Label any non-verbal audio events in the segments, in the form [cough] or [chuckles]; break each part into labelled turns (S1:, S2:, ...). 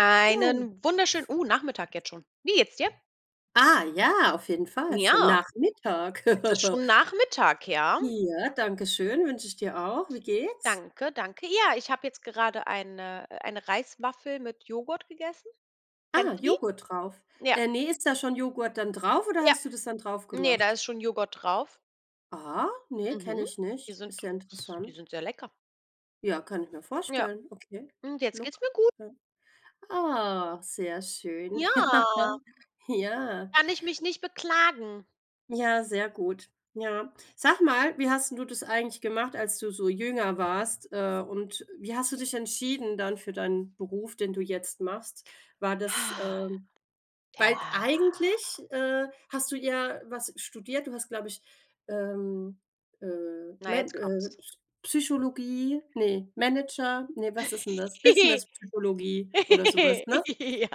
S1: Einen wunderschönen
S2: [unintelligible]
S1: uh, Nachmittag jetzt schon. Wie geht es dir?
S2: Ah ja, auf jeden Fall, ist ja
S1: Ja,
S2: nach Mittag.
S1: es ist
S2: [chuckles]
S1: schon Nachmittag, ja.
S2: Ja, danke schön, wünsche ich dir auch. Wie geht's?
S1: Danke, danke. Ja, ich habe jetzt gerade eine äh, eine Reiswaffel mit Joghurt gegessen.
S2: Ah,
S1: Kennst du die?
S2: Joghurt drauf.
S1: Ja.
S2: Äh, ne, ist da schon Joghurt dann drauf oder
S1: Ja.
S2: hast du das dann drauf
S1: Ne, da
S2: gemacht?
S1: ist schon Joghurt drauf.
S2: Ah, ne, kenne
S1: Mhm.
S2: ich
S1: Die
S2: nicht.
S1: sind
S2: Ist ja
S1: s die
S2: interessant.
S1: sind sehr lecker.
S2: Ja, kann ich mir
S1: Ja.
S2: vorstellen, okay,
S1: Und jetzt
S2: look,
S1: geht's mir gut.
S2: ja. Ah, sehr schön. Ja.
S1: Ja.
S2: Ja.
S1: Kann ich mich nicht beklagen.
S2: Ja, sehr gut. Ja. Sag mal, wie hast 'n du das eigentlich gemacht, als du so jünger warst? Äh, und wie hast du dich entschieden dann für deinen Beruf, den du jetzt machst? War das,
S1: Ha
S2: ähm weil t
S1: [unintelligible]
S2: eigentlich, äh, hast du ja was studiert. Du hast, glaube ich, ähm, äh,
S1: Na, jetzt
S2: Med äh,
S1: kommt's.
S2: Psy Psychologie, ne, Manager, ne, was ist denn das,
S1: [giggles]
S2: Business Psychologie oder so was, ne?
S1: Ja.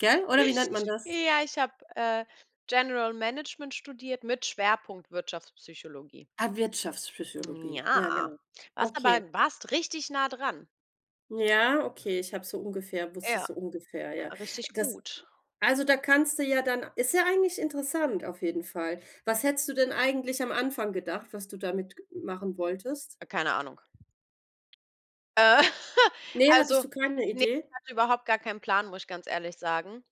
S2: Gell, oder wie nennt man das?
S1: Ja, ich habe, äh, General Management studiert mit Schwerpunkt Wirtschaftspsychologie.
S2: Ah,
S1: Hm,
S2: Wirtschaftspsychologie, ja
S1: ja.
S2: genau.
S1: Warst aber
S2: Okay.
S1: warst richtig nah dran.
S2: Ja, okay, ich habe so ungefähr
S1: Ja,
S2: wusste ich so ungefähr,
S1: ja.
S2: ja.
S1: Richtig
S2: Das
S1: gut.
S2: also da kannst du ja dann ist ja eigentlich interessant auf jeden Fall. Was hättest du denn eigentlich am Anfang gedacht, was du damit ge machen wolltest?
S1: Keine Ahnung. [chuckles]
S2: Ne, hattest
S1: Also
S2: du keine
S1: ne, ich
S2: Idee?
S1: hatte überhaupt gar keinen Plan, muss ich ganz ehrlich sagen.